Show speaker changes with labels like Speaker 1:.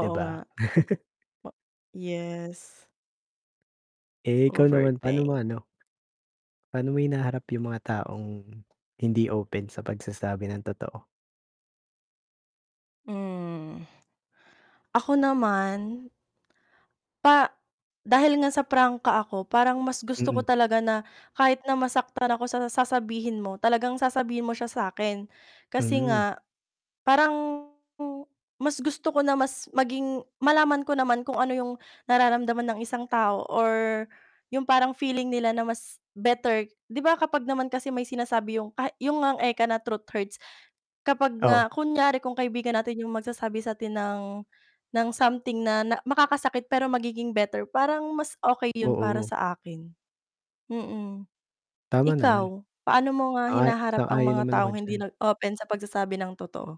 Speaker 1: 'Di
Speaker 2: nga.
Speaker 1: ba?
Speaker 2: O yes.
Speaker 1: Eh, ikaw naman paano mo
Speaker 2: Overthink.
Speaker 1: ano Paano mo hinaharap yung mga taong hindi open sa pagsasabi ng totoo?
Speaker 2: Hmm, ako naman pa dahil nga sa prangka ako parang mas gusto ko
Speaker 1: Mm.
Speaker 2: talaga na kahit na masaktan ako sa sasabihin mo talagang sasabihin mo siya sa'kin, kasi
Speaker 1: Hmm.
Speaker 2: nga parang mas gusto ko na mas maging malaman ko naman kung ano yung nararamdaman ng isang tao or yung parang feeling nila na mas better 'di ba kapag naman kasi may sinasabi yung kah yung nga eka na, truth hurts, kapag
Speaker 1: Oh.
Speaker 2: nga kunyari kung kaibigan natin yung magsasabi sa'tin something ng ng something na na makakasakit pero magiging better parang mas okey yun para
Speaker 1: Oo.
Speaker 2: sa akin. Mm.
Speaker 1: Tama naman.
Speaker 2: Ikaw, paano mo nga
Speaker 1: Ay,
Speaker 2: hinaharap ang
Speaker 1: sang-ayon
Speaker 2: mga
Speaker 1: naman ako
Speaker 2: taong hindi
Speaker 1: diyan.
Speaker 2: nag-open sa pagsasabi ng totoo?